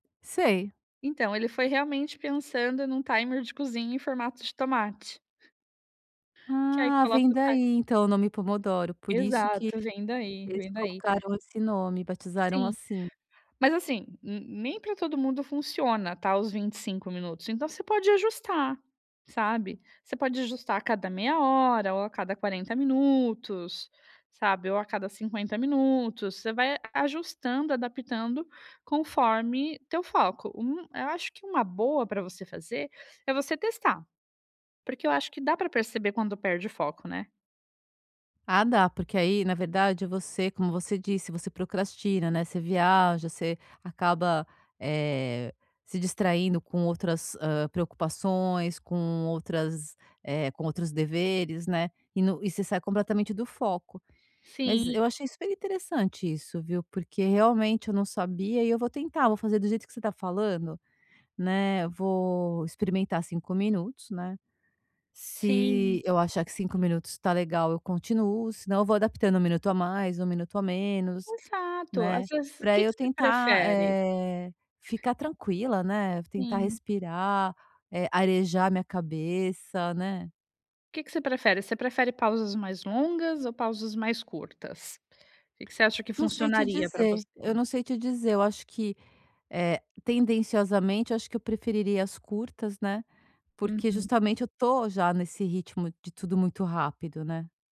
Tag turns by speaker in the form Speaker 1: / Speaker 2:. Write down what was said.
Speaker 1: Sei.
Speaker 2: Então, ele foi realmente pensando num timer de cozinha em formato de tomate. Que aí
Speaker 1: Ah, vem
Speaker 2: coloca o timer
Speaker 1: daí, então o nome Pomodoro. Por isso que
Speaker 2: Exato, vem daí,
Speaker 1: eles
Speaker 2: vem daí.
Speaker 1: colocaram esse nome, batizaram
Speaker 2: Sim.
Speaker 1: assim.
Speaker 2: Mas, assim, nem pra todo mundo funciona, tá, os 25 minutos. Então, você pode ajustar, sabe. Você pode ajustar a cada meia hora ou a cada 40 minutos, sabe. Ou a cada 50 minutos. Você vai aju ajustando, adaptando conforme teu foco. Hum, eu acho que uma boa pra você fazer é você testar. Porque eu acho que dá pra perceber quando perde o foco, né.
Speaker 1: Ah, dá, porque aí, na verdade, você como você disse, você procrastina, né, você viaja, você acaba, eh, se distraindo com outras, hã, preocupações, com outras, eh, com outros deveres, né, e no e você sai completamente do foco. Mas,
Speaker 2: Sim.
Speaker 1: eu achei super interessante isso, viu, porque, realmente, eu não sabia e eu vou tentar, vou fazer do jeito que você tá falando, né, vou experimentar 5 minutos, né. Se
Speaker 2: Sim.
Speaker 1: eu achar que 5 minutos tá legal, eu continuo, senão eu vou adaptando 1 minuto a mais, 1 minuto a menos,
Speaker 2: Exato, às
Speaker 1: né,
Speaker 2: vezes o
Speaker 1: pra
Speaker 2: que que
Speaker 1: eu
Speaker 2: você
Speaker 1: tentar,
Speaker 2: prefere?
Speaker 1: eh, ficar tranquila, né, tentar
Speaker 2: Sim.
Speaker 1: respirar, eh, arejar a minha cabeça, né.
Speaker 2: O que que você prefere? Você prefere pausas mais longas ou pausas mais curtas? O que que você acha que
Speaker 1: Não sei te
Speaker 2: funcionaria pra você?
Speaker 1: dizer. Eu não sei te dizer, eu acho que, eh, tendenciosamente, eu acho que eu preferiria as curtas, né. Porque
Speaker 2: Uhum.
Speaker 1: justamente eu tô já nesse ritmo de tudo muito rápido, né.